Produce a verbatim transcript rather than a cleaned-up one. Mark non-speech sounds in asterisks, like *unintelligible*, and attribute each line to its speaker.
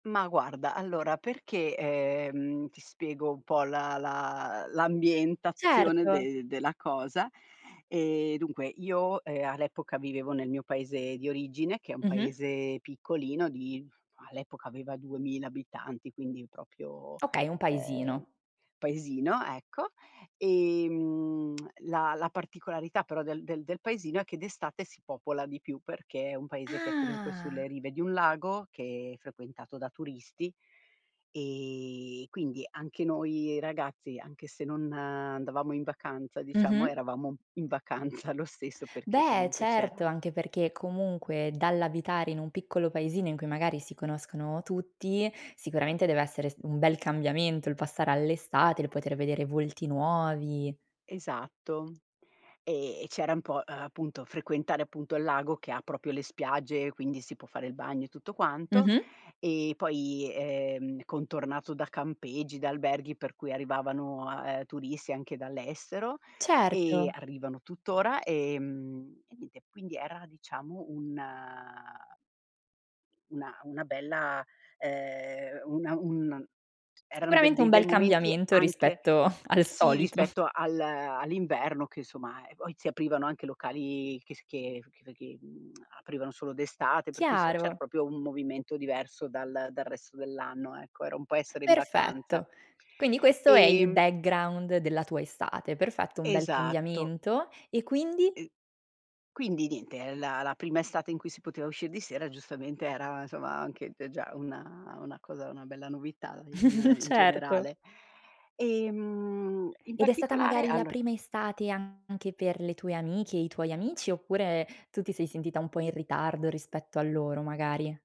Speaker 1: Ma guarda, allora perché, ehm, ti spiego un po' la la l'ambientazione
Speaker 2: Certo.
Speaker 1: de della cosa. Ehm, dunque io, ehm, all'epoca vivevo nel mio paese di origine, che è un
Speaker 2: Mh-mh.
Speaker 1: paese piccolino di all'epoca aveva duemila abitanti, quindi propio,
Speaker 2: Okay, un
Speaker 1: ehm,
Speaker 2: paesino.
Speaker 1: paesino, ecco. Ehm, *smacks lips* la la particolarità però del del del paesino è che d'estate si popola di più perché è un paese che è comunque
Speaker 2: Ah!
Speaker 1: sulle rive di un lago, che frequentato da turisti, ehm, quindi anche noi ragazzi, anche se non andavamo in vacanza diciamo,
Speaker 2: Mh-mh.
Speaker 1: eravamo in vacanza lo stesso, perché
Speaker 2: Beh,
Speaker 1: comunque c'era
Speaker 2: certo, anche perché comunque dall'abitare in un piccolo paesino in cui magari si conoscono tutti, sicuramente deve essere s un bel cambiamento il passare all'estate, il poter vedere volti nuovi.
Speaker 1: Esatto. Ehm, e c'era un po', uhm, appunto frequentare appunto il lago che propio le spiagge, quindi si può fare il bagno e tutto quanto.
Speaker 2: Mh-mh.
Speaker 1: E poi, ehm, contornato da campeggi, da alberghi per cui arrivavano, ehm, turisti anche dall'estero e
Speaker 2: Certo.
Speaker 1: arrivano tutt'ora, ehm, e niente. Quindi era diciamo un una una bella, ehm, una un eran de
Speaker 2: Sicuramente un
Speaker 1: dei bei
Speaker 2: bel
Speaker 1: momenti
Speaker 2: cambiamento
Speaker 1: anche
Speaker 2: rispetto *chuckles* al
Speaker 1: sì
Speaker 2: solito. *chuckles*
Speaker 1: rispetto al all'inverno che insomma, e poi si aprivano anche locali che s che che che, mhmm, aprivano solo d'estate, per cui s c'era
Speaker 2: Chiaro.
Speaker 1: propio un movimento diverso dal dal resto dell'anno, ecco. Era un po' essere in vacanza.
Speaker 2: Perfetto. Quindi questo è il
Speaker 1: Ehm
Speaker 2: background della tua estate. Perfetto, un bel
Speaker 1: Esatto.
Speaker 2: cambiamento. E quindi?
Speaker 1: *unintelligible* Quindi niente, ehm, la la prima estate in cui si poteva uscir di sera, giustamente era insoma, anche t già una una cosa una bella novità in
Speaker 2: *chuckles*
Speaker 1: in
Speaker 2: Certo.
Speaker 1: generale. Ehm, in
Speaker 2: Ed è stata
Speaker 1: particolare,
Speaker 2: magari la
Speaker 1: allora
Speaker 2: prima estate anche per le tue amiche e i tuoi amici oppure, tu ti sei sentita un po' in ritardo rispetto a loro, magari?